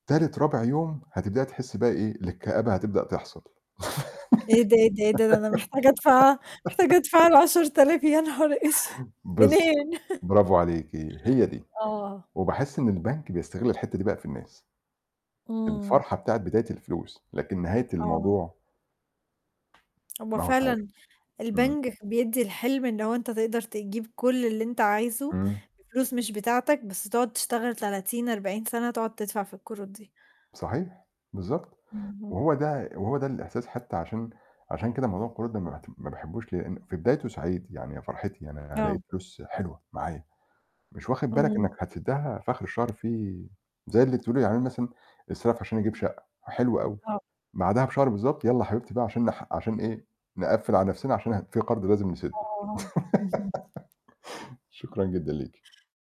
تالت، رابع يوم هتبدئي تحسّي بقى إيه، إن الكآبة هتبدأ تحصل. إيه ده، إيه ده، إيه ده! أنا محتاجة أدفع محتاجة أدفع العَشَر آلاف يا نهار أسود! بالض منين؟! برافو عليكِ هي دي، آه. وباحِس إن البنك بيستغِل الحتّة دي بقى في الناس. إمم. الفرحة بتاعة بداية الفلوس لكن نهاية آه. الموضوع هو ما هوش عارف. فعلًا إمم. البنك بيدّي الحلم، إن هو أنت تقدر تجيب كلّ اللي أنت عايزه، إمم. بفلوس مش بتاعتك، بس تقعُد تشتغل 30، 40 سَنة تقعُد تدفع في القروض دي. صحيح، بالضبط. اهم. وهو ده وهو ده الإحساس حتّى عشان عشان كده موضوع القروض ده ما باعتم ما باحبوش، لإن في بدايته سعيد، يعني يا فرحتي يعني أنا هالاقي آه. فلوس حلوة معايا، مش واخِد بالك امم. إنّك هتسدّها فآخِر الشهر في زي اللي بتقولي يعني أنا مثلًا، استلف عشان أجيب شقّة حلو أوي، آه. بعدها بشهر بالضبط يالّا يا حبيبتي بقى عشان نح عشان إيه، نقفّل على نَفْسنا عشان ه في قَرض لازم نسدّه. آه، اهم. شكرًا جدًا ليكِ.